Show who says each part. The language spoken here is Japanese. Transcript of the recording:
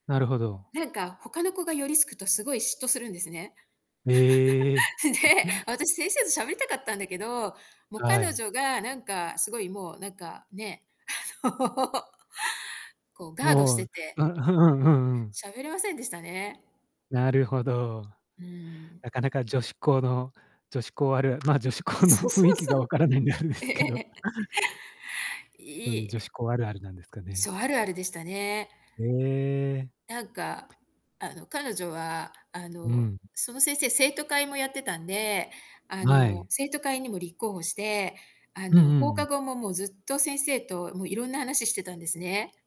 Speaker 1: なるほど。
Speaker 2: なんか、他の子が寄りすくとすごい嫉妬するんですね。
Speaker 1: へえ。
Speaker 2: で、私先生と喋りたかったんだけど、もう、
Speaker 1: は
Speaker 2: 彼
Speaker 1: い。
Speaker 2: 女がなんか、すごいもう、なんかね、あの、こう、
Speaker 1: お
Speaker 2: ガードし
Speaker 1: お、う
Speaker 2: て
Speaker 1: ん、
Speaker 2: て
Speaker 1: ふふんふん。
Speaker 2: 喋れませんでしたね。
Speaker 1: なるほど。
Speaker 2: うん。
Speaker 1: なかなか女子校の女子校あるま、女子校の
Speaker 2: そうそ
Speaker 1: 雰囲
Speaker 2: う
Speaker 1: 気
Speaker 2: そ
Speaker 1: が
Speaker 2: う。
Speaker 1: 分からないんであれで
Speaker 2: うえ
Speaker 1: す
Speaker 2: え
Speaker 1: けど。
Speaker 2: ええ。はい、
Speaker 1: そ
Speaker 2: い
Speaker 1: うい
Speaker 2: い
Speaker 1: う女
Speaker 2: え
Speaker 1: 子校あるあるなんですかね？
Speaker 2: そう、あるあるでしたね。
Speaker 1: へえ。
Speaker 2: なんか、あの、彼女は、あ
Speaker 1: うんう
Speaker 2: の、
Speaker 1: ん。
Speaker 2: その先生、生徒会もやってたんで、あ
Speaker 1: は
Speaker 2: の、
Speaker 1: い。
Speaker 2: 生徒会にも立候補して、あ
Speaker 1: うん
Speaker 2: の、
Speaker 1: う
Speaker 2: 放課
Speaker 1: ん。
Speaker 2: 後ももうずっと先生と、もう、いろんな話してたんですね。